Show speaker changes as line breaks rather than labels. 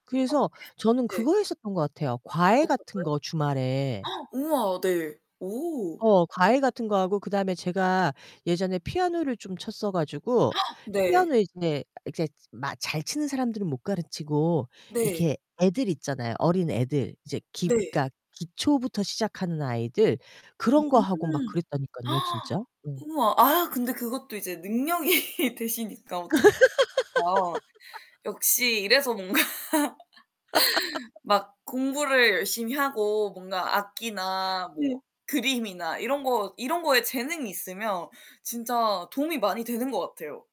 어
그래서 저는
네. 네.
그거 했었던 것 같아요 과외
어떤
같은
거요?
거 주말에.
우와. 네. 오.
어 과외 같은 거 하고 그 다음에 제가 예전에 피아노를 좀 쳤어 가지고
네.
피아노 이제 이렇게 막 잘 치는 사람들은 못 가르치고
네.
이렇게 애들 있잖아요 어린애들. 이제 기
네.
그러니까 기초부터 시작하는 아이들. 그런 거 하고 막
음.
그랬다니깐요 진짜. 음.
우와. 아 근데 그것도 이제 능력이 되시니까 어떻 더. 역시 이래서 뭔가 막 공부를 열심히 하고 뭔가 악기나 뭐
네.
그림이나 이런 거 이런 거에 재능이 있으면 진짜 도움이 많이 되는 것 같아요.